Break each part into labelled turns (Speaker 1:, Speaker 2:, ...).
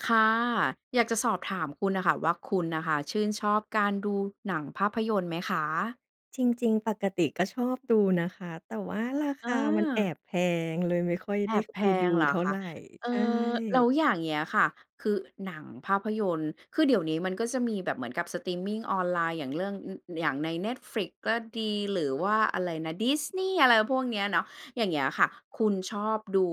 Speaker 1: ค่ะ อยากจะสอบถามคุณน่ะค่ะว่าคุณน่ะค่ะชื่นชอบการดูหนังภาพยนตร์ไหมคะ?
Speaker 2: จริง ๆ ปกติก็ชอบดูนะคะ แต่ว่าราค
Speaker 1: อ
Speaker 2: ามันแอ
Speaker 1: า
Speaker 2: บแพง เลยไม่ค่อย
Speaker 1: แอ
Speaker 2: ได้
Speaker 1: บ
Speaker 2: ข
Speaker 1: แพ
Speaker 2: ไปดู
Speaker 1: งเหร
Speaker 2: เ
Speaker 1: อ
Speaker 2: ท่า
Speaker 1: ค
Speaker 2: ไ
Speaker 1: ะ
Speaker 2: ร
Speaker 1: เอ
Speaker 2: ใช
Speaker 1: ่อ แล
Speaker 2: ่
Speaker 1: ้วอย่างเงี้ยค่ะ คือหนังภาพยนตร์ คือเดี๋ยวนี้มันก็จะมีแบบเหมือนกับสตรีมมิงออนไลน์ อย่างเรื่อง อ อย่างใน Netflix ก็ดี หรือว่าอะไรนะ Disney อะไรพวกเนี้ยเนาะ อย่างเงี้ยค่ะ คุณชอบดู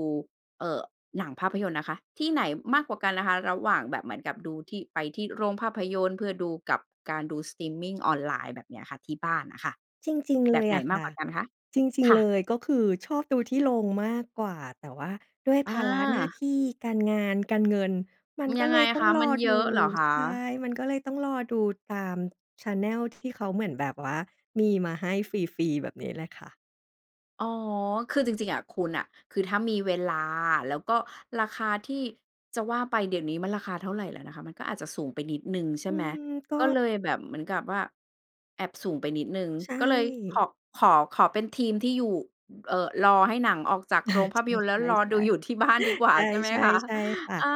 Speaker 1: เอ่อ หนังภาพยนตร์นะคะที่ไหนมากกว่ากันนะคะ ระหว่างแบบเหมือนกับดูที่ ไปที่โรงภาพยนตร์เพื่อดู กับการดู สตรีมมิงออนไลน์ แบบเนี้ยค่ะที่บ้านน่ะค่ะ
Speaker 2: จริง ๆ
Speaker 1: แ
Speaker 2: เ
Speaker 1: บ
Speaker 2: ล
Speaker 1: บ
Speaker 2: ย
Speaker 1: ไหน
Speaker 2: อะ
Speaker 1: ม
Speaker 2: ค
Speaker 1: าก
Speaker 2: ่
Speaker 1: ก
Speaker 2: ะ
Speaker 1: ว่ากันคะ?
Speaker 2: จริง
Speaker 1: ค่
Speaker 2: ๆ เ
Speaker 1: ะ
Speaker 2: ลยก็คือชอบดูที่โรงมากกว่า แต่ว่าด้วย
Speaker 1: อ
Speaker 2: ภาระหน้า
Speaker 1: า
Speaker 2: ที่การงาน การเงิน มั
Speaker 1: อ
Speaker 2: น
Speaker 1: ย
Speaker 2: ก็
Speaker 1: ัง
Speaker 2: เ
Speaker 1: ไ
Speaker 2: ล
Speaker 1: ง
Speaker 2: ยต้อ
Speaker 1: ค
Speaker 2: ง
Speaker 1: ะ
Speaker 2: ร
Speaker 1: มั
Speaker 2: อ
Speaker 1: นเ
Speaker 2: ด
Speaker 1: ยอ
Speaker 2: ู
Speaker 1: ะเหรอค
Speaker 2: ใช่
Speaker 1: ะ?
Speaker 2: มันก็เลยต้องรอดู ตาม แชนเนล ที่เขาเหมือนแบบว่ามีมาให้ฟรี ๆ แบบนี้แหละค่ะ
Speaker 1: อ๋อ คือจริง ๆ อะคุณน่ะ คือถ้ามีเวลา แล้วก็ราคาที่ จะว่าไปเดี๋ยวนี้มันราคาเท่าไรแล้วนะคะ มันก็อาจจะสูงไปนิดหนึ่งใช
Speaker 2: อ
Speaker 1: ่
Speaker 2: ื
Speaker 1: ไหม
Speaker 2: ม ก็
Speaker 1: ก็เลยแบบเหมือนกับว่าแอบสูงไปนิดหนึ่ง
Speaker 2: ใช
Speaker 1: ก็เลย ข
Speaker 2: ่
Speaker 1: ขอ ขอเป็นทีมที่อยู่ อ เอ่อ รอให้หนังออกจาก
Speaker 2: อา
Speaker 1: โรงภ
Speaker 2: ใ
Speaker 1: าพยนตร์แล้
Speaker 2: ช
Speaker 1: ว
Speaker 2: ่
Speaker 1: รอดูอ
Speaker 2: ๆ
Speaker 1: ยู่ที่บ้าน
Speaker 2: ๆ
Speaker 1: ดีกว่
Speaker 2: ใช
Speaker 1: า
Speaker 2: ่
Speaker 1: ใช่ไหมคะ
Speaker 2: ๆ ใช่ค่
Speaker 1: อา
Speaker 2: ะ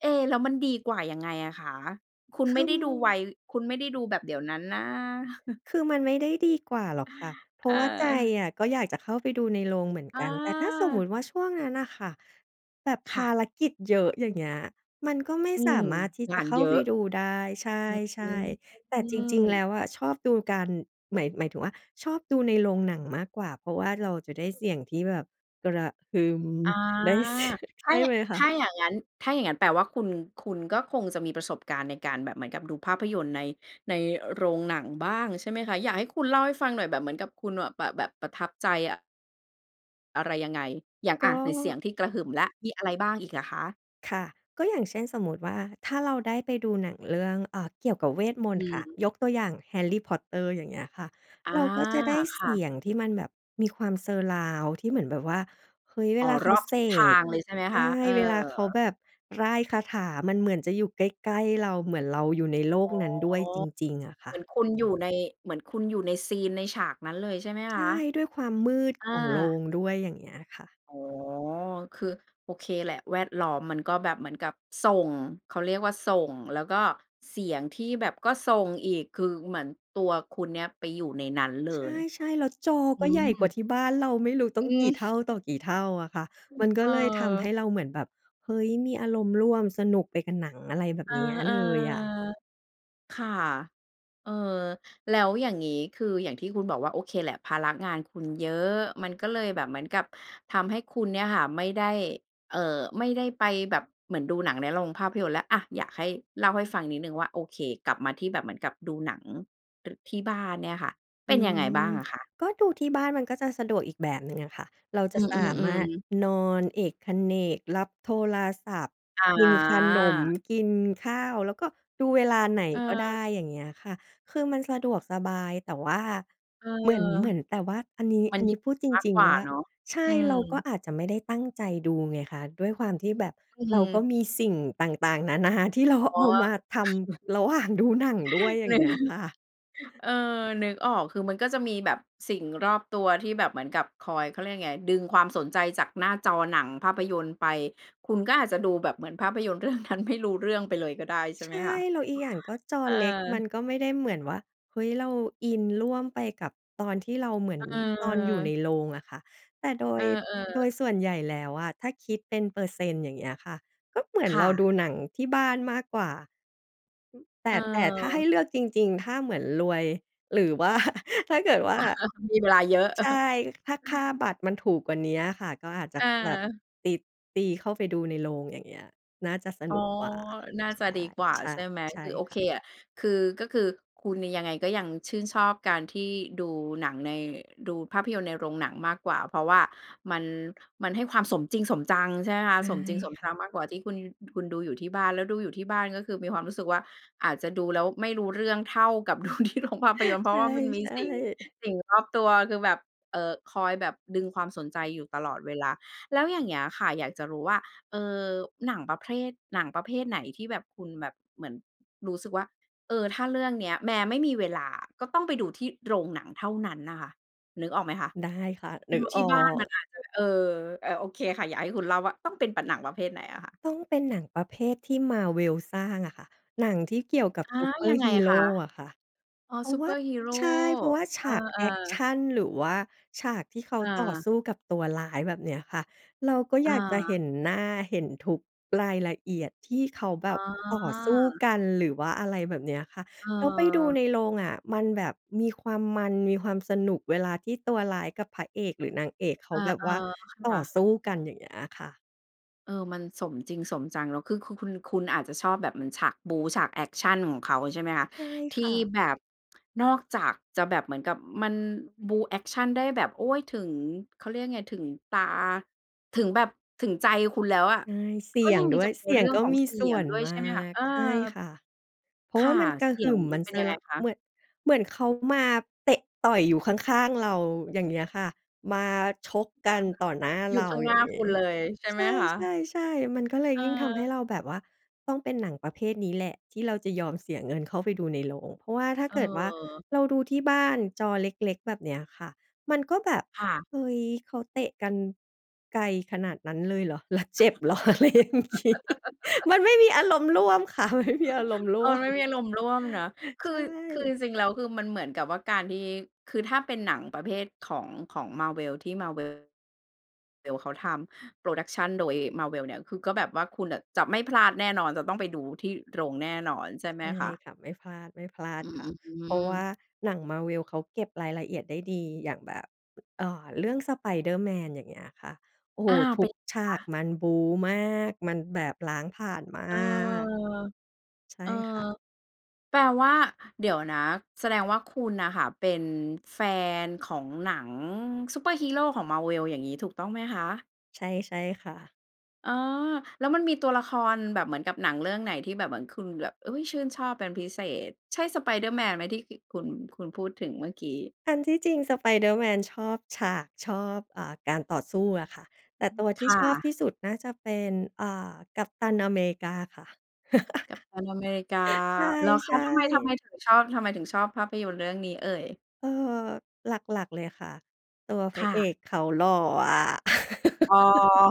Speaker 1: เอ๊ แล้วมันดีกว่ายังไงอะคะ? คุณ
Speaker 2: ค
Speaker 1: ไม่ได้ดูไว
Speaker 2: ือ
Speaker 1: คุณไม่ได้ดูแบบเดี๋ยวนั้นนะ
Speaker 2: คือมันไม่ได้ดีกว่าหรอกค่ะ เพรา
Speaker 1: เ
Speaker 2: ะว่าใจ
Speaker 1: ออ
Speaker 2: อะก็อยากจะเข้าไปดูในโรงเหมือนก
Speaker 1: อ
Speaker 2: ัน แต่ถ้าสมมุ
Speaker 1: า
Speaker 2: ติว่าช่วงนั้นอะค่ะแบบ
Speaker 1: ค
Speaker 2: ภ
Speaker 1: ่
Speaker 2: า
Speaker 1: ะ
Speaker 2: รกิจเยอะ อย่างเงี้ย มันก็ไม่
Speaker 1: อื
Speaker 2: สา
Speaker 1: ม
Speaker 2: มารถที่
Speaker 1: ง
Speaker 2: จะ
Speaker 1: าน
Speaker 2: เข้า
Speaker 1: เยอ
Speaker 2: ไป
Speaker 1: ะ
Speaker 2: ดูได้ ใช
Speaker 1: อื
Speaker 2: ่ ๆ แต่จริง ๆ แล
Speaker 1: ม
Speaker 2: ้วอะชอบดูการ หมาย หมายถึงว่าชอบดูในโรงหนังมากกว่า เพราะว่าเราจะได้เสียงที่แบบกระหึ่ม
Speaker 1: อา
Speaker 2: ได้ เสีย ใ
Speaker 1: ถ
Speaker 2: ช
Speaker 1: ้า
Speaker 2: ่
Speaker 1: ย
Speaker 2: ไหมค
Speaker 1: ถ
Speaker 2: ะ?
Speaker 1: ้าอย่างงั้น ถ้าอย่างงั้นแปลว่า คุณ คุณก็คงจะมีประสบการณ์ในการแบบเหมือนกับดูภาพยนตร์ใน ในโรงหนังบ้างใช่ไหมคะ? อยากให้คุณเล่าให้ฟังหน่อย แบบเหมือนกับคุณน่ะ แบะ แบบประทับใจอะ อะไรยังไง อย่าง
Speaker 2: ก
Speaker 1: อ
Speaker 2: ็
Speaker 1: า ไหนเสียงที่กระหึ่มแล้ว มีอะไรบ้างอีกอะคะ?
Speaker 2: ค่ะ ก็อย่างเช่นสมมุติว่าถ้าเราได้ไปดูหนังเรื่อง อา เกี่ยวกับเวทมน
Speaker 1: อ
Speaker 2: ต
Speaker 1: ื
Speaker 2: ร์
Speaker 1: อ
Speaker 2: ค่ะ
Speaker 1: ฮึ
Speaker 2: ยกตัวอย่าง "Harry Potter" อย่างเงี้ยค่ะ
Speaker 1: อา
Speaker 2: เราก็จะได้
Speaker 1: ค
Speaker 2: เส
Speaker 1: ่ะ
Speaker 2: ียงที่มันแบบมีความ surround ที่เหมือนแบบว่า เฮ้ย เว
Speaker 1: อ๋อ
Speaker 2: ลาเข
Speaker 1: ร
Speaker 2: า
Speaker 1: อบ
Speaker 2: เส
Speaker 1: ทิศทา
Speaker 2: ก
Speaker 1: งเลยใช่ไหม
Speaker 2: ใช
Speaker 1: ค
Speaker 2: ่
Speaker 1: ะ? เออ
Speaker 2: เวลาเขาแบบร่ายคาถา มันเหมือนจะอยู่ใกล้ ๆ เรา เหมือนเราอยู่ในโล
Speaker 1: อ
Speaker 2: ก
Speaker 1: ๋อ
Speaker 2: นั้นด้วยจริง ๆ อะค
Speaker 1: เห
Speaker 2: ่
Speaker 1: ม
Speaker 2: ะ
Speaker 1: ือนคุณอยู่ใน เหมือนคุณอยู่ในซีน ในฉากนั้นเลยใช่ไหม
Speaker 2: ใ
Speaker 1: ค
Speaker 2: ช
Speaker 1: ะ?
Speaker 2: ่ ด้วยความมืด
Speaker 1: อา
Speaker 2: ของโรงด้วย อย่างเงี้ยค่ะ
Speaker 1: อ๋อ คือโอเคแหละ แวดล้อมมันก็แบบเหมือนกับส่ง เขาเรียกว่าส่ง แล้วก็เสียงที่แบบก็ส่งอีก คือเหมือนตัวคุณเนี่ยไปอยู่ในนั้นเล
Speaker 2: ใ
Speaker 1: ย
Speaker 2: ช่ ๆ แล้วจอ
Speaker 1: อื
Speaker 2: ก็ใหญ่กว
Speaker 1: ม
Speaker 2: ่าที่บ้านเรา ไม่รู้ต้อ
Speaker 1: อ
Speaker 2: ง
Speaker 1: ื
Speaker 2: กี
Speaker 1: อ
Speaker 2: ่เท่าต่อกี่เท่าอะค่ะ
Speaker 1: อื
Speaker 2: ม
Speaker 1: ม
Speaker 2: ันก
Speaker 1: เ
Speaker 2: ็
Speaker 1: ออ
Speaker 2: เลยทำให้เราเหมือนแบบ เฮ้ย มีอารมณ์ร่วมสนุกไปกับหนัง อะไรแบบ
Speaker 1: เออ
Speaker 2: เนี้ยเลยอะ
Speaker 1: ๆ ค่ะ เออ แล้วอย่างงี้ คืออย่างที่คุณบอกว่า โอเคแหละ ภาระงานคุณเยอะ มันก็เลยแบบเหมือนกับทำให้คุณเนี่ยค่ะไม่ได้ เอ่อ ไม่ได้ไปแบบเหมือนดูหนังในโรงภาพยนตร์แล้ว อา อยากให้เล่าให้ฟังนิดหนึ่งว่า โอเค กลับมาที่แบบเหมือนกับดูหนัง ร ที่บ้านเนี่ยค่ะ เ
Speaker 2: อ
Speaker 1: ป
Speaker 2: ื
Speaker 1: ็นยังไงบ
Speaker 2: ม
Speaker 1: ้างอะคะ?
Speaker 2: ก็ดูที่บ้านมันก็จะสะดวกอีกแบบหนึ่งอะค่ะ เราจ
Speaker 1: อื
Speaker 2: ะสาม
Speaker 1: อ
Speaker 2: ารถ
Speaker 1: ๆ ๆ
Speaker 2: นอนเอกเขนก รับโทรศัพท์
Speaker 1: อ
Speaker 2: กินขนม
Speaker 1: า
Speaker 2: กินข้าว แล้วก็ดูเวลาไหนก็ได
Speaker 1: เออ
Speaker 2: ้ อย่างเงี้ยค่ะ คือมันสะดวกสบาย แต่ว่า
Speaker 1: เออ
Speaker 2: เหมือน เหมือน แต่ว่าอันนี้
Speaker 1: มั
Speaker 2: อ
Speaker 1: น
Speaker 2: ันน
Speaker 1: ยื
Speaker 2: ี้
Speaker 1: ด
Speaker 2: พูดจ
Speaker 1: มาก
Speaker 2: ริง
Speaker 1: กว่า
Speaker 2: ๆ ว่า
Speaker 1: เนาะ
Speaker 2: ใช
Speaker 1: อ
Speaker 2: ่
Speaker 1: ืม
Speaker 2: เราก็อาจจะไม่ได้ตั้งใจดูไงคะ ด้วยความที่แบบ
Speaker 1: อื
Speaker 2: เราก็
Speaker 1: ม
Speaker 2: มีสิ่งต่าง ๆ นานา ที่เรา
Speaker 1: อ๋อ
Speaker 2: เอามาทำระหว่างดูหนังด้วย อ
Speaker 1: เ
Speaker 2: ย่างเงี้ย ค่ะ
Speaker 1: ออ นึกออก คือมันก็จะมีแบบสิ่งรอบตัวที่แบบเหมือนกับคอย เขาเรียกยังไง ดึงความสนใจจากหน้าจอหนังภาพยนตร์ไป คุณก็อาจจะดูแบบเหมือนภาพยนตร์ เรื่องนั้น ไม่รู้เรื่องไปเลยก็ได้ ใช่
Speaker 2: ใช
Speaker 1: ไหม
Speaker 2: ่
Speaker 1: คะ?
Speaker 2: แล้วอีกอย่างก็จอ
Speaker 1: เออ
Speaker 2: เล็กมันก็ไม่ได้เหมือนว่า เฮ้ย เราอินร่วมไปกับ ตอนที่เราเหมือน ตอนอยู่ใน
Speaker 1: เออ
Speaker 2: โรงอะค่ะ แต่โด
Speaker 1: เอ
Speaker 2: ย
Speaker 1: อ
Speaker 2: โด
Speaker 1: ๆ
Speaker 2: ยส่วนใหญ่แล้วอะถ้าคิดเป็นเปอร์เซ็นต์ อย่างเงี้ยค่ะ ก็เหมือน
Speaker 1: ค
Speaker 2: เ
Speaker 1: ่
Speaker 2: ราด
Speaker 1: ะ
Speaker 2: ูหนังที่บ้านมากกว่า อ แต
Speaker 1: เ
Speaker 2: ่ แต่ถ้าให้
Speaker 1: ออ
Speaker 2: เลือกจริง ๆ ถ้าเหมือนรวยหรือ ว่า ถ้าเกิดว่า
Speaker 1: มีเวลาเยอะ
Speaker 2: ใช่ ถ้าค่าบัตรมันถูกกว่านี้อะค่ะ ก็อาจจะ
Speaker 1: เ
Speaker 2: แบบ
Speaker 1: ออ
Speaker 2: ติด ตีเข้าไปดูในโรง อย่างเงี้ย น่าจะส
Speaker 1: อ
Speaker 2: น
Speaker 1: ๋อ
Speaker 2: ุกกว่า
Speaker 1: น่า
Speaker 2: ใช
Speaker 1: จะ
Speaker 2: ่
Speaker 1: ดีกว่า
Speaker 2: ใช่
Speaker 1: ใช่ไหม
Speaker 2: ใช่
Speaker 1: คือโอ
Speaker 2: ค
Speaker 1: เ
Speaker 2: ่
Speaker 1: ค
Speaker 2: ะ
Speaker 1: อะ คือ ก็คือคุณนี่ยังไงก็ยังชื่นชอบการที่ดูหนังใน ดูภาพยนตร์ในโรงหนังมากกว่า เพราะว่ามัน มันให้ความสมจริงสมจัง ใช่ไหมคะ
Speaker 2: ใช่
Speaker 1: สมจริงสม
Speaker 2: ค่
Speaker 1: จ
Speaker 2: ะ
Speaker 1: ังมากกว่าที่คุณยู คุณดูอยู่ที่บ้าน แล้วดูอยู่ที่บ้านก็คือมีความรู้สึกว่าอาจจะดูแล้วไม่รู้เรื่องเท่ากับ ดูที่โรง ภาพยนตร์ เพ
Speaker 2: ใ
Speaker 1: รา
Speaker 2: ช
Speaker 1: ะว่ามันมี
Speaker 2: ่ ๆ
Speaker 1: สิ่ง สิ่งรอบตัวคือแบบ เอ่อ คอยแบบดึงความสนใจอยู่ตลอดเวลา แล้วอย่างเงี้ยค่ะอยากจะรู้ว่า เอ่อ หนังประเภรท หนังประเภทไหนที่แบบคุณแบบเหมือนรู้สึกว่า "เออ ถ้าเรื่องเนี้ย แม้ไม่มีเวลาอะก็ต้องไปดูที่โรงหนังเท่านั้นน่ะค่ะ" นึกออกไหมคะ
Speaker 2: ได้ค่ะ นึ
Speaker 1: ด
Speaker 2: ก
Speaker 1: ูท
Speaker 2: อ
Speaker 1: ี
Speaker 2: อ
Speaker 1: ่บ้านม
Speaker 2: ก
Speaker 1: ันอาจจะ เออ อา โอเคค่ะ อยากให้คุณเล่าว่าต้องเป็น ป หนังประเภทไหนอะคะ?
Speaker 2: ต้องเป็นหนังประเภทที่ Marvel สร้างอะค่ะ หนังที่เกี่ยวกับ
Speaker 1: อา
Speaker 2: ซูเปอ
Speaker 1: ย
Speaker 2: ร
Speaker 1: ั
Speaker 2: ์
Speaker 1: งไ
Speaker 2: ฮ
Speaker 1: ง
Speaker 2: ีโร
Speaker 1: คะ?
Speaker 2: อะค่ะ
Speaker 1: อ๋อ
Speaker 2: เพรา
Speaker 1: ซ
Speaker 2: ะ
Speaker 1: ู
Speaker 2: ว
Speaker 1: เปอร์ฮีโร
Speaker 2: ใช่ เพราะว่าฉ
Speaker 1: อ
Speaker 2: ากแอ
Speaker 1: า
Speaker 2: กช
Speaker 1: ๆ
Speaker 2: ัน หรือว่าฉากที่เขา
Speaker 1: อ
Speaker 2: ต่อ
Speaker 1: า
Speaker 2: สู้กับตัวร้าย แบบเนี้ยค่ะ เราก็อ
Speaker 1: อ
Speaker 2: ยากจะเห
Speaker 1: า
Speaker 2: ็นหน้า เห็นทุกรายละเอียดที่เขาแบ
Speaker 1: อ๋
Speaker 2: บต่อสู้
Speaker 1: อ
Speaker 2: กัน หรือว่าอะไรแบบเนี้ยค่ะ
Speaker 1: เ
Speaker 2: แล้วไปดู
Speaker 1: ออ
Speaker 2: ในโรงอะ มันแบบมีความมัน มีความสนุก เวลาที่ตัวร้ายกับพระเอก หรือนางเอกเข
Speaker 1: เอ
Speaker 2: า
Speaker 1: อ
Speaker 2: แบบว่า
Speaker 1: ๆ ค
Speaker 2: ต่
Speaker 1: ่
Speaker 2: อ
Speaker 1: ะ
Speaker 2: สู้กัน อย่างเงี้ยอะค่ะ
Speaker 1: เออ มันสมจริงสมจัง แล้วคือคุ คุณ คุณอาจจะชอบแบบเหมือนฉากบู๊ ฉากแอกชันของเขา ใช่ไหมคะ
Speaker 2: ใช่
Speaker 1: ที
Speaker 2: ค
Speaker 1: ่
Speaker 2: ่ะ
Speaker 1: แบบ นอกจากจะแบบเหมือนกับมันบู๊แอกชันได้แบบ โอ้ย ถึง เขาเรียกยังไง ถึงตา ถึงแบบ ถึงใจคุณแล้วอะ
Speaker 2: ใช่ เส
Speaker 1: ก
Speaker 2: ี
Speaker 1: ็
Speaker 2: ย
Speaker 1: ยั
Speaker 2: ง
Speaker 1: งม
Speaker 2: ด
Speaker 1: ี
Speaker 2: ้ว
Speaker 1: จ
Speaker 2: ย
Speaker 1: ะมี
Speaker 2: เสีย
Speaker 1: เร
Speaker 2: ง
Speaker 1: ื่อง
Speaker 2: ก็
Speaker 1: ของ
Speaker 2: มี
Speaker 1: เสี
Speaker 2: ส่
Speaker 1: ย
Speaker 2: ว
Speaker 1: ง
Speaker 2: น
Speaker 1: ด้วย
Speaker 2: ม
Speaker 1: ใ
Speaker 2: า
Speaker 1: ช่ไหมคะ?
Speaker 2: ก
Speaker 1: เออ
Speaker 2: ใช่ค่ะ เพร
Speaker 1: ค
Speaker 2: าะว่
Speaker 1: ่ะ
Speaker 2: ามันกระ
Speaker 1: เสี
Speaker 2: ห
Speaker 1: ย
Speaker 2: ึ
Speaker 1: ง
Speaker 2: ่ม
Speaker 1: มั
Speaker 2: มั
Speaker 1: น
Speaker 2: น
Speaker 1: เป็นยั
Speaker 2: Surr
Speaker 1: งไงคะ?
Speaker 2: เมือ เหมือนเขามาเตะต่อยอยู่ข้าง ๆ เรา อย่างเงี้ยค่ะ มาชกกันต่อหน้า
Speaker 1: อยู
Speaker 2: เ
Speaker 1: ่
Speaker 2: รา
Speaker 1: ข้างห
Speaker 2: อ
Speaker 1: น
Speaker 2: ย
Speaker 1: ้
Speaker 2: ่า
Speaker 1: า
Speaker 2: งง
Speaker 1: ค
Speaker 2: ี
Speaker 1: ุ
Speaker 2: ้
Speaker 1: ณเลยใช่
Speaker 2: ใ
Speaker 1: ไหมคะ?
Speaker 2: ช่ ๆ ๆ มันก็เลย
Speaker 1: เ
Speaker 2: ยิ่งทำให้
Speaker 1: ออ
Speaker 2: เราแบบว่า ต้องเป็นหนังประเภทนี้แหละที่เราจะยอมเสียเงินเข้าไปดูในโรง เพราะว่าถ้า
Speaker 1: เ
Speaker 2: เกิดว่า
Speaker 1: ออ
Speaker 2: เราดูที่บ้านจอเล็ก ๆ แบบเนี้ยค่ะ มันก็แบบ
Speaker 1: ค่ะ
Speaker 2: "เฮ้ย เขาเตะกันไกลขนาดนั้นเลยเหรอ? แล้วเจ็บเหรอ?" อะไรอย่างงี้ มันไม่มีอารมณ์ร่วมค่ะ มันไม่ มีอารมณ์ร
Speaker 1: เอ
Speaker 2: ่ว
Speaker 1: อ
Speaker 2: ม
Speaker 1: ไม่มีอารมณ์ร่วมเนาะ คื
Speaker 2: ใช
Speaker 1: อ คือ
Speaker 2: ่
Speaker 1: จริง ๆ แล้ว คือมันเหมือนกับว่าการที่ คือถ้าเป็นหนังประเภทของ ของ Marvel ที่ Marvel vel เขาทำ Production โดย Marvel เนี่ย คือก็แบบว่าคุณน่ะจะไม่พลาดแน่นอน จะต้องไปดูที่โรงแน่นอนใช่ไห
Speaker 2: ใช
Speaker 1: ม
Speaker 2: ่
Speaker 1: คะ?
Speaker 2: ค่ะ ไม่พลาด ไม่พลาด
Speaker 1: อือ
Speaker 2: ค
Speaker 1: อ
Speaker 2: ่ะ
Speaker 1: ื้อฮ
Speaker 2: เ
Speaker 1: ื
Speaker 2: พราะว่า
Speaker 1: อ
Speaker 2: หนัง Marvel เขาเก็บรายละเอียดได้ดี อย่างแบบ อา เรื่อง "Spider-Man" อย่างเงี้ยค่ะ โอ้โ
Speaker 1: อ
Speaker 2: ฮ
Speaker 1: ้าว
Speaker 2: ท
Speaker 1: เ
Speaker 2: ุ
Speaker 1: ป็
Speaker 2: ก
Speaker 1: น
Speaker 2: ฉ
Speaker 1: ค
Speaker 2: า
Speaker 1: ะ?
Speaker 2: กมันบู๊มาก มันแบบล้างผลาญมา
Speaker 1: เออ
Speaker 2: ก ใช่
Speaker 1: เออ
Speaker 2: ค่ะ
Speaker 1: แปลว่า เดี๋ยวนะ แสดงว่าคุณน่ะค่ะเป็นแฟนของหนังซูเปอร์ฮีโรของ Marvel อย่างงี้ ถูกต้องไหมคะ?
Speaker 2: ใช่ ใช่ค่ะ
Speaker 1: อ๋อ แล้วมันมีตัวละครแบบเหมือนกับหนังเรื่องไหน ที่แบบเหมือนคุณแบบ อุ๊ย ชื่นชอบเป็นพิเศษ ใช่ Spider-Man ไหม ที่กิ คุณ คุณพูดถึงเมื่อกี้?
Speaker 2: อันที่จริง "Spider-Man" ชอบฉาก ชอบ อ่า การต่อสู้อะค่ะ แ
Speaker 1: อ
Speaker 2: ต
Speaker 1: ื
Speaker 2: ่ต
Speaker 1: ม
Speaker 2: ัวท
Speaker 1: ค
Speaker 2: ี่
Speaker 1: ่
Speaker 2: ชอบ
Speaker 1: ะ
Speaker 2: ที่สุด น่าจะเป็น อ่า Captain America ค่ะ
Speaker 1: Captain America แล้วเ
Speaker 2: ใ
Speaker 1: ข
Speaker 2: ช
Speaker 1: า
Speaker 2: ่
Speaker 1: ทำไม ทำไม
Speaker 2: ๆ
Speaker 1: ถึงชอบ ทำไมถึงชอบภาพยนตร์เรื่องนี้เอ่ย?
Speaker 2: เอ่อ หลัก ๆ เลยค่ะ ตัวพ
Speaker 1: ค
Speaker 2: ระ
Speaker 1: ่
Speaker 2: เอ
Speaker 1: ะ
Speaker 2: กเขาหล่ออะ
Speaker 1: อ๋อ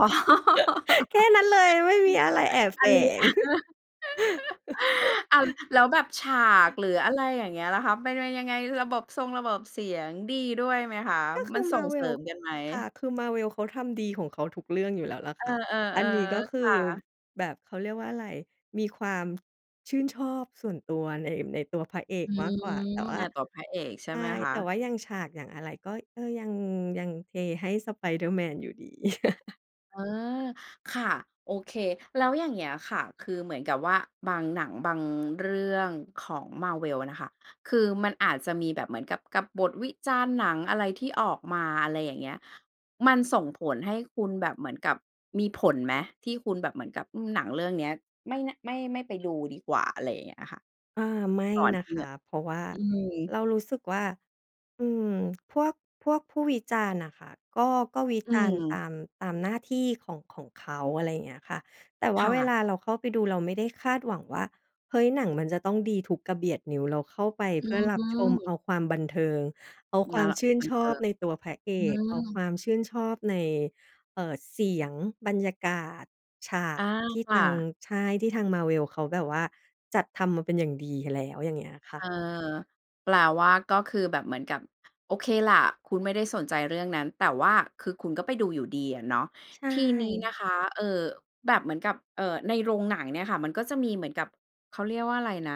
Speaker 2: แค่นั้นเลย ไม่มีอะไรแอบ
Speaker 1: อ
Speaker 2: แ
Speaker 1: ั
Speaker 2: ฝ
Speaker 1: นนี้
Speaker 2: ง
Speaker 1: อ้าว แล้วแบบฉากหรืออะไรอย่างเงี้ยล่ะคะมันเป็นยังไง? ระบบซงระบบเสียงดีด้วยไหมคะ?
Speaker 2: ก็ค
Speaker 1: มั
Speaker 2: ือ
Speaker 1: นส่งเสริ
Speaker 2: Marvel
Speaker 1: มกันไหม?
Speaker 2: ค่ะ คือ Marvel เขาทำดีของเขาทุกเรื่องอยู่แล้วแหละ
Speaker 1: เอ
Speaker 2: ค
Speaker 1: อ
Speaker 2: ่ะ อันนี้ก็
Speaker 1: ๆ
Speaker 2: ค
Speaker 1: ๆ
Speaker 2: ื
Speaker 1: ค
Speaker 2: อ
Speaker 1: ่ะ
Speaker 2: แบบ เขาเรียกว่าอะไร มีความชื่นชอบส่วนตัวใน ในตัวพระเอก
Speaker 1: อื
Speaker 2: มากก
Speaker 1: ม
Speaker 2: ว่า แต่ว่
Speaker 1: ใน
Speaker 2: า
Speaker 1: ตัวพระเอกใช
Speaker 2: ใ
Speaker 1: ่
Speaker 2: ช
Speaker 1: ไหม
Speaker 2: ่
Speaker 1: ค
Speaker 2: แต่
Speaker 1: ะ?
Speaker 2: ว่าอย่างฉาก อย่างอะไร ก็ ก็ยัง ยังเทให้ Spider-Man อยู่ดี
Speaker 1: เออ ค่ะ โอเค แล้วอย่างเงี้ยอะค่ะ คือเหมือนกับว่าบาง หนังบางเรื่องของ Marvel น่ะค่ะ คือมันอาจจะมีแบบเหมือนกับ กับบทวิจารณ์หนังอะไรที่ออกมา อะไรอย่างเงี้ย มันส่งผลให้คุณแบบเหมือนกับ มีผลไหม ที่คุณแบบเหมือนกับ อืม หนังเรื่องเนี้ย ไม่ น ไม่ ไม่ไปดูดีกว่า อะไรอย่างเงี้ยค่ะ
Speaker 2: อา ไม่
Speaker 1: ก่อน
Speaker 2: น
Speaker 1: ท
Speaker 2: ะ
Speaker 1: ี่
Speaker 2: ค
Speaker 1: ง
Speaker 2: ะ เพราะว่า
Speaker 1: อืม
Speaker 2: เรารู้สึกว่า อืม พวก พวกผู้วิจารณ์น่ะค่ะ ก็ ก็วิ
Speaker 1: อื
Speaker 2: จารณ์
Speaker 1: ม
Speaker 2: ตาม ตามหน้าที่ของ ของเขา อะไรอย่างเงี้ยค่ะ แต่ว่
Speaker 1: ค
Speaker 2: า
Speaker 1: ่
Speaker 2: เว
Speaker 1: ะ
Speaker 2: ลาเราเข้าไปดู เราไม่ได้คาดหวังว่า เฮ้ย หนังมันจะต้องดีทุกกระเบียดนิ้ว เราเข้าไป
Speaker 1: อื
Speaker 2: เพื่อรับชม เอา
Speaker 1: ม
Speaker 2: ความบันเทิง เอาค
Speaker 1: น
Speaker 2: วา
Speaker 1: า
Speaker 2: ม
Speaker 1: ล
Speaker 2: ชื่น
Speaker 1: บั
Speaker 2: ช
Speaker 1: นเท
Speaker 2: อ
Speaker 1: ิ
Speaker 2: บ
Speaker 1: ง
Speaker 2: ในตัวพระเอ
Speaker 1: อื
Speaker 2: ก เอาค
Speaker 1: ม
Speaker 2: วามชื่นชอบใน เอ่อ เสียง บรรยากาศ ฉา
Speaker 1: อ
Speaker 2: ก
Speaker 1: า
Speaker 2: ที่
Speaker 1: ค
Speaker 2: ท
Speaker 1: ่
Speaker 2: าง
Speaker 1: ะ
Speaker 2: ใช่ ที่ทาง Marvel เขาแบบว่าจัดทำมาเป็นอย่างดีแล้ว อย่างเงี้ยค่
Speaker 1: เอ
Speaker 2: ะ
Speaker 1: อ แปลว่า ก็คือแบบเหมือนกับ โอเคแหละ คุณไม่ได้สนใจเรื่องนั้น แต่ว่าคือคุณก็ไปดูอยู่ดีอะเนาะ
Speaker 2: ใช
Speaker 1: ทีนี้น
Speaker 2: ่
Speaker 1: ะคะ เอ่อ แบบเหมือนกับ เอ่อ ในโรงหนังเนี่ยค่ะ มันก็จะมีเหมือนกับ เขาเรียกว่าอะไรนะ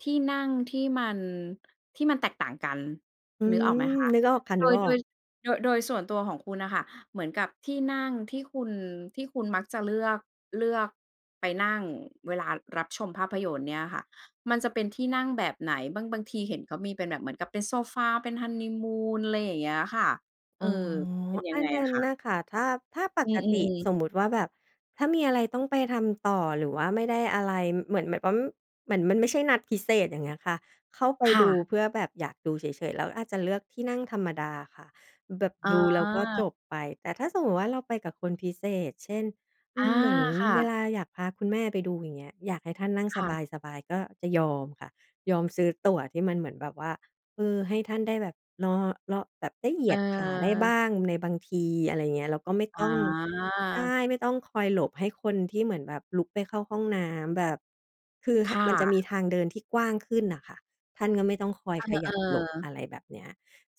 Speaker 1: ที่นั่งที่มัน ที่มันแตกต่างกัน
Speaker 2: อื
Speaker 1: นึกอ
Speaker 2: ม
Speaker 1: อกไหมคะ
Speaker 2: นึกออกค่ะ
Speaker 1: โด
Speaker 2: นึก
Speaker 1: ย
Speaker 2: อ
Speaker 1: โ
Speaker 2: อ
Speaker 1: ด
Speaker 2: ก
Speaker 1: ย โดย โดยส่วนตัวของคุณน่ะค่ะ เหมือนกับที่นั่งที่คุณ ที่คุณมักจะเลือก เลือกไปนั่งเวลารับชมภาพยนตร์เนี่ยค่ะ มันจะเป็นที่นั่งแบบไหน บาง บางทีเห็นเขามีเป็นแบบเหมือนกับเป็นโซฟา เป็นฮันนีมูน อะไรอย่างเงี้ยค่ะ เ
Speaker 2: อ
Speaker 1: ออ
Speaker 2: ๋อ
Speaker 1: เป็นยั
Speaker 2: อั
Speaker 1: งไ
Speaker 2: น
Speaker 1: ง
Speaker 2: นั้
Speaker 1: อะ
Speaker 2: น
Speaker 1: คะ?
Speaker 2: น่ะค่ะ ถ้า ถ้าป
Speaker 1: อื
Speaker 2: กติ
Speaker 1: ม ๆ ๆ
Speaker 2: สมมุติว่าแบบถ้ามีอะไรต้องไปทำต่อ หรือว่าไม่ได้อะไร ม เหมือนแบบว่า เหมือนมันไม่ใช่นัดพิเศษ อย่างเงี้ยค่ะ เข้าไป
Speaker 1: ค
Speaker 2: ด
Speaker 1: ่
Speaker 2: ู
Speaker 1: ะ
Speaker 2: เพื่อแบบอยากดูเฉย ๆ เราก็อาจจะเลือกที่นั่งธรรมดาค่ะ อ แบบ
Speaker 1: อ
Speaker 2: ดูแล้วก็จ
Speaker 1: า
Speaker 2: บไป แต่ถ้าสมมุติว่าเราไปกับคนพิเศษ เช่น อื
Speaker 1: อา
Speaker 2: ม เหมือน
Speaker 1: ค่
Speaker 2: เว
Speaker 1: ะ
Speaker 2: ลาอยากพาคุณแม่ไปดู อย่างเงี้ย อยากให้ท่านนั่ง
Speaker 1: ค
Speaker 2: ส
Speaker 1: ่ะ
Speaker 2: บาย ๆ จะก็ยอมค่ะ ยอมซื้อตั๋วที่มันเหมือนแบบว่า เออ ให้ท่านได้แบบ นอ ล แบบได้เหย
Speaker 1: เ
Speaker 2: ียดขาได้บ้
Speaker 1: ออ
Speaker 2: างในบางที อะไรอย่างเงี้ย แล้วก็ไม่
Speaker 1: อ
Speaker 2: ต้อง ใช่
Speaker 1: า
Speaker 2: ไม่ต้องคอยหลบให้คนที่เหมือนแบบลุกไปเข้าห้องน้ำแบบ คือ ห
Speaker 1: ค่
Speaker 2: มันจะมี
Speaker 1: ะ
Speaker 2: ทางเดินที่กว้างขึ้นน่ะค่ะ ท่านก็ไม่ต้องคอยข
Speaker 1: เ
Speaker 2: ย
Speaker 1: อ
Speaker 2: ั
Speaker 1: อ
Speaker 2: บหลบ อ
Speaker 1: ๆ
Speaker 2: ะไรแบบเนี้ย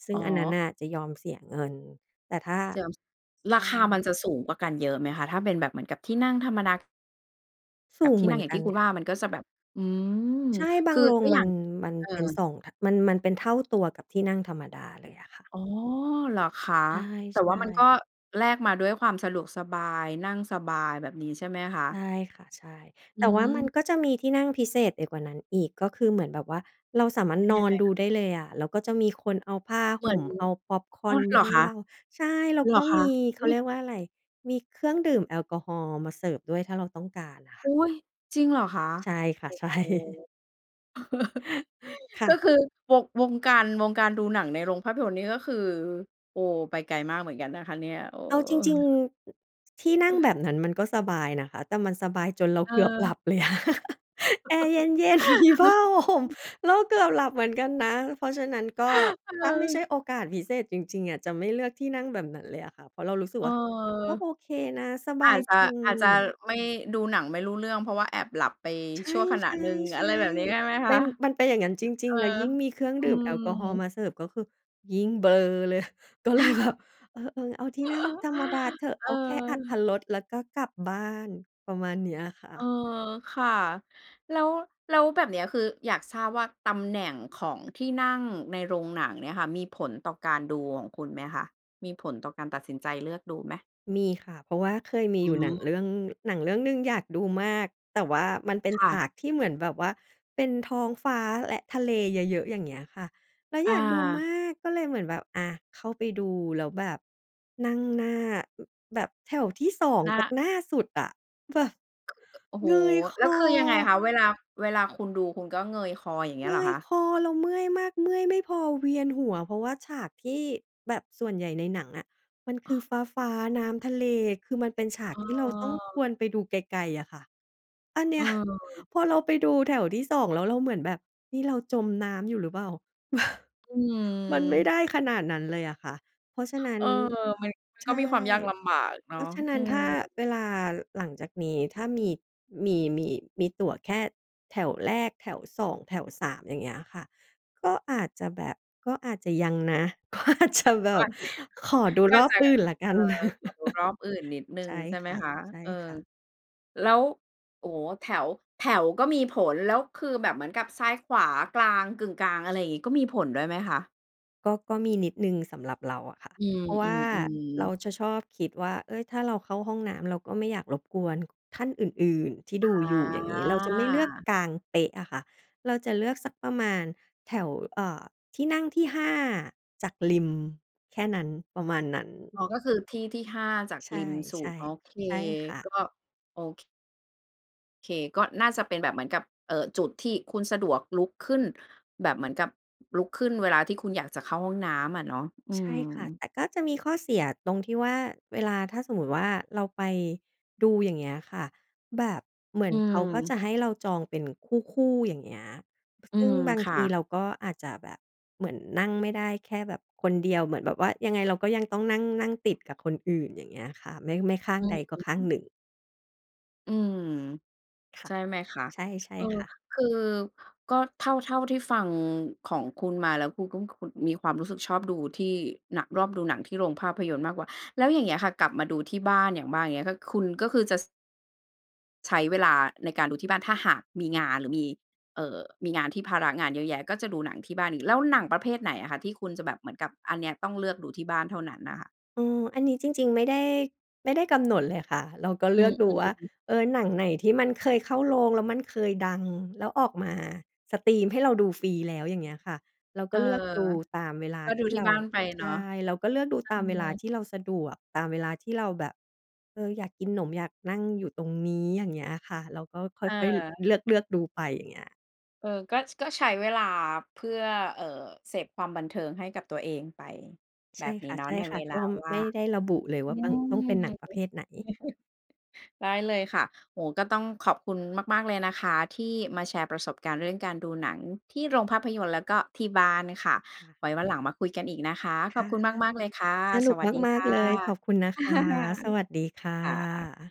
Speaker 2: ซึ่
Speaker 1: อ
Speaker 2: ง
Speaker 1: ๋
Speaker 2: อันนั้น
Speaker 1: อ
Speaker 2: น่ะจะยอมเสียเงิน แต่ถ้า
Speaker 1: เดี๋ยว
Speaker 2: ใช
Speaker 1: ราคามั
Speaker 2: ่
Speaker 1: นจะสูงกว่ากันเยอะไหมคะ? ถ้าเป็นแบบเหมือนกับที่นั่งธรรมดา
Speaker 2: ส
Speaker 1: ก
Speaker 2: ู
Speaker 1: ับ
Speaker 2: ง
Speaker 1: ที
Speaker 2: เ
Speaker 1: ่
Speaker 2: หมื
Speaker 1: นั่
Speaker 2: อ
Speaker 1: ง
Speaker 2: น
Speaker 1: อย่า
Speaker 2: ก
Speaker 1: ง
Speaker 2: ั
Speaker 1: ที
Speaker 2: น
Speaker 1: ่คุณ
Speaker 2: ค
Speaker 1: ว่
Speaker 2: ่
Speaker 1: า
Speaker 2: ะ
Speaker 1: มันก็จะแบบ อืม
Speaker 2: ใช่ บา
Speaker 1: ค
Speaker 2: ง
Speaker 1: ือ
Speaker 2: โรง
Speaker 1: ก็อ
Speaker 2: ม
Speaker 1: ย
Speaker 2: ั
Speaker 1: ่า
Speaker 2: น
Speaker 1: ง
Speaker 2: มัน
Speaker 1: เอ
Speaker 2: เป็น
Speaker 1: อ
Speaker 2: สอง ท มัน มันเป็นเท่าตัวกับที่นั่งธรรมดาเลยอะค่ะ
Speaker 1: อ๋อ เหรอคะ
Speaker 2: ใช่
Speaker 1: แต่ว่ามันก็
Speaker 2: ๆ
Speaker 1: แลกมาด้วยความสะดวกสบาย นั่งสบายแบบนี้ ใช่ไหมคะ?
Speaker 2: ใช่ค่ะ ใช่ แ
Speaker 1: อื
Speaker 2: ต่ว่ามัน
Speaker 1: ม
Speaker 2: ก็จะมีที่นั่งพิเศษไปกว่านั้นอีก ก็คือเหมือนแบบว่าเราสามารถ
Speaker 1: เป็น
Speaker 2: น
Speaker 1: ยั
Speaker 2: อ
Speaker 1: งไ
Speaker 2: น
Speaker 1: ง
Speaker 2: ดู
Speaker 1: คะ?
Speaker 2: ได้เลยอะ แล้วก็จะมีคนเอาผ้า
Speaker 1: เห
Speaker 2: ห
Speaker 1: มือ
Speaker 2: ่
Speaker 1: น
Speaker 2: ม เอาพ็อปคอ
Speaker 1: อ้
Speaker 2: ร์
Speaker 1: อ
Speaker 2: นม
Speaker 1: เ
Speaker 2: า
Speaker 1: หร
Speaker 2: ใ
Speaker 1: อ
Speaker 2: ห้
Speaker 1: คะ
Speaker 2: เรา ใช่ แล้ว
Speaker 1: เ
Speaker 2: ก
Speaker 1: หร
Speaker 2: ็
Speaker 1: อค
Speaker 2: มี
Speaker 1: ะ?
Speaker 2: เข
Speaker 1: อุ
Speaker 2: า
Speaker 1: ๊
Speaker 2: เรี
Speaker 1: ย!
Speaker 2: ยกว่าอะไร มีเครื่องดื่มแอลกอฮอล์มาเสิร์ฟด้วย ถ้าเราต้องการอะค่ะ
Speaker 1: อุ๊ย จริงเหรอคะ?
Speaker 2: ใช่ค่ะ ใช่
Speaker 1: โอ้โฮ
Speaker 2: ค่
Speaker 1: ก็
Speaker 2: ะ
Speaker 1: คือ ว วงการ วงการดูหนังในโรงภาพยนตร์นี่ก็คือ โอ้ ไปไกลมากเหมือนกันนะคะเนี่ย โอ้
Speaker 2: เอาจริง ๆ ที่นั่งแ
Speaker 1: อ
Speaker 2: บบนั้นมันก็สบายนะคะ แต่มันสบายจนเรา
Speaker 1: เ
Speaker 2: เกือบหลั
Speaker 1: ออ
Speaker 2: บเลยอะ แอร์ เย็น ๆ มีผ้า ห่ม เราเกือบหลับเหมือนกันนะ เพราะฉะนั้นก็ ถ้าไม่ใช่
Speaker 1: เออ
Speaker 2: โอกาสพิเศษจริง ๆ อะจะไม่เลือกที่นั่งแบบนั้นเลยอะค่ะ เพราะเรารู้สึก
Speaker 1: เอ
Speaker 2: ว
Speaker 1: อ
Speaker 2: ่าก็โอเคนะ สบ
Speaker 1: อา
Speaker 2: าย
Speaker 1: จจะ
Speaker 2: จริ
Speaker 1: อาจจะ
Speaker 2: ง
Speaker 1: ไม่ ดูหนังไม่รู้เรื่อง เพราะว่าแอบหลับไป
Speaker 2: ใช
Speaker 1: ชั
Speaker 2: ่
Speaker 1: ่วขณะหนึ่ง อะไรแบบนี้ใช่
Speaker 2: ๆ
Speaker 1: ไหม
Speaker 2: ๆ
Speaker 1: ค
Speaker 2: เป็
Speaker 1: ะ?
Speaker 2: น มันเป็นอย่างงั้นจ
Speaker 1: เ
Speaker 2: ร
Speaker 1: อ
Speaker 2: ิ
Speaker 1: อ
Speaker 2: ง ๆ แล้วยิ่งมีเครื่อง
Speaker 1: อื
Speaker 2: ดื่ม
Speaker 1: ม
Speaker 2: แอลกอฮอล์มาเสิร์ฟ ก็คือยิ่งเบลอ เลย ก็เลยแบบ เออ ๆ เอาที่นั่งธรรมดาเถอะ
Speaker 1: เ
Speaker 2: เอาแค่อรรถ
Speaker 1: ออ
Speaker 2: รสแล้วก็กลับบ้าน ประมาณเนี้ยอะค่
Speaker 1: เออ
Speaker 2: ะ
Speaker 1: ค่ะ แล้ว แล้วแบบเนี้ย คืออยากทราบว่าตำแหน่งของที่นั่งในโรงหนังเนี่ยค่ะ มีผลต่อการดูหองคุณไหมคะ? มีผลต่อการตัดสินใจเลือกดูไหม?
Speaker 2: มีค่ะ เพราะว่าเคยมี
Speaker 1: อื
Speaker 2: อยู่ หนัง
Speaker 1: อ
Speaker 2: เรื่อง หนังเรื่องหนึ่งอยากดูมาก แต่ว่ามันเป็น
Speaker 1: ค่
Speaker 2: ฉ
Speaker 1: ะ
Speaker 2: ากที่เหมือนแบบว่า เป็นท้องฟ้าและทะเลเยอะ ๆ อย่างเงี้ยค่ะ แล้ว
Speaker 1: อ
Speaker 2: อยากดูมา
Speaker 1: า
Speaker 2: กก็เลยเหมือนแบบ อา เข้าไปดูแล้วแบบนั่งหน้า อ แบบแถวที่ 2
Speaker 1: น
Speaker 2: จาก
Speaker 1: ะ
Speaker 2: หน้าสุดอะ แบบ
Speaker 1: โอ้โฮ
Speaker 2: เงยค
Speaker 1: แล้วคือยังไง
Speaker 2: อ
Speaker 1: คะ? เวลา เวลาคุณดูคุณก็เงยคอ อย่างเงี
Speaker 2: เ
Speaker 1: ้
Speaker 2: ง
Speaker 1: ยเหรอ
Speaker 2: ย
Speaker 1: คะ?
Speaker 2: คอ เราเมื่อยมาก เมื่อยไม่พอเวียนหัว เพราะว่าฉากที่ แบบส่วนใหญ่ในหนังอะ มันคือฟ้า ๆ น้ำทะเล คือมันเป็นฉาก
Speaker 1: เ
Speaker 2: ที่เราต้องค
Speaker 1: ออ
Speaker 2: วรไปดูไกล ๆ อะค่ะ อันเน
Speaker 1: เ
Speaker 2: ี้ย
Speaker 1: ออ
Speaker 2: พอเราไปดูแถวที่ 2 แล้วเราเหมือนแบบ "นี่เราจมน้ำอยู่หรือเปล่า?"
Speaker 1: อื
Speaker 2: มัน
Speaker 1: ม
Speaker 2: ไม่ได้ขนาดนั้นเลยอะค่ะ เพราะฉะนั้
Speaker 1: เ
Speaker 2: น
Speaker 1: ออ มัน มัน
Speaker 2: ใ
Speaker 1: ก
Speaker 2: ช
Speaker 1: ็มี
Speaker 2: ่
Speaker 1: ความยากลำบากเน
Speaker 2: เพ
Speaker 1: าะ
Speaker 2: ราะฉะนั
Speaker 1: อ
Speaker 2: ้
Speaker 1: ื
Speaker 2: นถ
Speaker 1: ม
Speaker 2: ้าเวลาหลังจากนี้ถ้ามี มี มี อ มีตั๋วแค่แถวแรก แถว 2 แถว 3 อย่างเงี้ยค่ะ ก็อาจจะแบบ ก็อาจจะยังนะ ก็อาจจะแบ
Speaker 1: ก็อ
Speaker 2: บ
Speaker 1: าจ
Speaker 2: ขอ
Speaker 1: จะ ย
Speaker 2: ดู
Speaker 1: ก็
Speaker 2: ร
Speaker 1: อาจ
Speaker 2: อบ
Speaker 1: จ
Speaker 2: อ
Speaker 1: ะ
Speaker 2: ื่นแล้วก
Speaker 1: เอ
Speaker 2: ั
Speaker 1: ่อ
Speaker 2: น
Speaker 1: ขอดูรอบอื่นนิดหนึ
Speaker 2: ใ
Speaker 1: ่
Speaker 2: ช
Speaker 1: ง
Speaker 2: ่
Speaker 1: ใช่ไห
Speaker 2: ค
Speaker 1: มคะ? เออ
Speaker 2: ่ะ ๆ
Speaker 1: แล้ว โอ้โฮ แถว แถวก็มีผล แล้วคือแบบเหมือนกับซ้าย ขวา กลาง กึ่งกลาง อะไรอย่างงี้ ก็มีผลด้วยไหมคะ?
Speaker 2: ก็ ก็มีนิดหนึ่งสำหรับเราอะค่ะ
Speaker 1: อื
Speaker 2: เพราะว่า
Speaker 1: ม
Speaker 2: เร
Speaker 1: ๆ
Speaker 2: า
Speaker 1: ๆ
Speaker 2: จะชอบคิดว่า "เฮ้ย ถ้าเราเข้าห้องน้ำ เราก็ไม่อยากรบกวนท่านอื่น ๆ ที่ดู
Speaker 1: อ
Speaker 2: อยู่" อย่างงี้ เราจะไม่เลือก
Speaker 1: า
Speaker 2: กลางเป๊ะอะค่ะ เราจะเลือกสักประมาณแถว อ่า ที่นั่งที่ 5 จากริม แค่นั้น ประมาณนั้น
Speaker 1: อ๋อ ก็คือที่ ที่ 5 จาก
Speaker 2: ใช่
Speaker 1: ริมสุด โอเค
Speaker 2: ๆ ใช่ค่ะ
Speaker 1: ก็ โอ ค เค ก็น่าจะเป็นแบบเหมือนกับ เอ่อ จุดที่คุณสะดวกลุกขึ้น แบบเหมือนกับลุกขึ้นเวลาที่คุณอยากจะเข้าห้องน้ำอะเนาะ อื
Speaker 2: ใช่ค่ะ
Speaker 1: ม
Speaker 2: แต่ก็จะมีข้อเสียตรงที่ว่า เวลาถ้าสมมุติว่าเราไปดู อย่างเงี้ยค่ะ แบบเหมือ
Speaker 1: อื
Speaker 2: นเขาก็จ
Speaker 1: ม
Speaker 2: ะให้เราจองเป็นคู่ ๆ อย่างเงี้ย พ
Speaker 1: อื
Speaker 2: ซึ่ง
Speaker 1: ม
Speaker 2: บาง
Speaker 1: ค
Speaker 2: ท
Speaker 1: ่
Speaker 2: ี
Speaker 1: ะ
Speaker 2: เราก็อาจจะแบบเหมือนนั่งไม่ได้แค่แบบคนเดียว เหมือนแบบว่ายังไงเราก็ยังต้องนั่ง นั่งติดกับคนอื่น อย่างเงี้ยค่ะ ไม่ ไม่ข้าง
Speaker 1: อื
Speaker 2: ใดก็ข้าง
Speaker 1: ม
Speaker 2: หนึ่ง
Speaker 1: อืม
Speaker 2: ค่
Speaker 1: ใช
Speaker 2: ะ
Speaker 1: ่ไหมคะ
Speaker 2: ใช่ ใช่
Speaker 1: เออ
Speaker 2: ค่ะ
Speaker 1: คือก็เท่า เท่าที่ฟังของคุณมา แล้วคุณก็คือมีความรู้สึกชอบดูที่หนัก รอบดูหนังที่โรงภาพยนตร์มากกว่า แล้วอย่างเงี้ยค่ะ กลับมาดูที่บ้าน อย่างบ้าง อย่างเงี้ย คุณก็คือจะ ส ใช้เวลาในการดูที่บ้าน ถ้าหากมีงาน หรือมี เอ่อ มีงานที่ภาระงานเยอะแยะ ก็จะดูหนังที่บ้านอีก แล้วหนังประเภทไหนอะคะ ที่คุณจะแบบเหมือนกับ อันเนี้ยต้องเลือกดูที่บ้านเท่านั้นน่ะค่ะ?
Speaker 2: อือ อันนี้จริง ๆ ไม่ได้ ไม่ได้กำหนดเลยค่ะ เราก็เ
Speaker 1: อื
Speaker 2: ลือกดู
Speaker 1: ม
Speaker 2: ว่า
Speaker 1: ๆ ๆ
Speaker 2: เออ หนังไหนที่มันเคยเข้าโรง แล้วมันเคยดัง แล้วออกมาสตรีมให้เราดูฟรีแล้ว อย่างเงี้ยค่ะ เรา
Speaker 1: เ
Speaker 2: ก
Speaker 1: อ
Speaker 2: ็
Speaker 1: อ
Speaker 2: เลือกดูตามเวลา
Speaker 1: ก็ด
Speaker 2: ท
Speaker 1: ู
Speaker 2: ี่
Speaker 1: ท
Speaker 2: เ
Speaker 1: ี
Speaker 2: ร
Speaker 1: ่
Speaker 2: า
Speaker 1: บ้านไป
Speaker 2: ใ
Speaker 1: เ
Speaker 2: ช
Speaker 1: นา
Speaker 2: ่
Speaker 1: ะ เ
Speaker 2: เราก็เลือกดู
Speaker 1: อ
Speaker 2: ตามเวลา
Speaker 1: อ
Speaker 2: ที่เราสะดวก ตามเวลาที่เราแบบ เออ อยากกินหนม อยากนั่งอยู่ตรงนี้ อย่างเงี้ยค่ะ เราก็ค
Speaker 1: เ
Speaker 2: ่อย
Speaker 1: ออ
Speaker 2: ๆ ล เลือก ๆ ดูไป อย่างเงี้ย
Speaker 1: เออ ก็ ช ก็ใช้เวลา เพื่อ เอ่อ เสพความบันเทิงให้กับตัวเองไป
Speaker 2: ใ
Speaker 1: แบ
Speaker 2: ช่
Speaker 1: บนี้
Speaker 2: ค
Speaker 1: เนาะ ใน
Speaker 2: ่
Speaker 1: เว
Speaker 2: ะ ๆ
Speaker 1: ล
Speaker 2: ก
Speaker 1: า
Speaker 2: ็
Speaker 1: ว่
Speaker 2: ไ
Speaker 1: า
Speaker 2: ม่
Speaker 1: ง
Speaker 2: ได้ระบุเลยว
Speaker 1: อื
Speaker 2: ่าต้อง
Speaker 1: ม
Speaker 2: ต้อง
Speaker 1: อ
Speaker 2: เ
Speaker 1: ื
Speaker 2: ป็
Speaker 1: อ
Speaker 2: นหน
Speaker 1: ฮ
Speaker 2: ั
Speaker 1: ึ
Speaker 2: งประเภทไหน
Speaker 1: ได้เลยค่ะ โอ้โฮ ก็ต้องขอบคุณมาก ๆ เลยนะคะที่มาแชร์ประสบการณ์เรื่องการดูหนังที่โรงภาพยนตร์ แล้วก็ที่บ้านค่ะ
Speaker 2: ค่ะ
Speaker 1: ไว้วันหลังมาคุยกันอีกนะคะ
Speaker 2: ค
Speaker 1: ขอ
Speaker 2: ่
Speaker 1: บ
Speaker 2: ะ
Speaker 1: คุณมาก ๆ เลยค่ะ
Speaker 2: สน
Speaker 1: ส
Speaker 2: ุก
Speaker 1: วัสดี
Speaker 2: ม
Speaker 1: ค
Speaker 2: าก
Speaker 1: ่ะ
Speaker 2: ๆ เลย ขอบคุณนะคะ สวัสดีค่
Speaker 1: ค่ะ
Speaker 2: ะ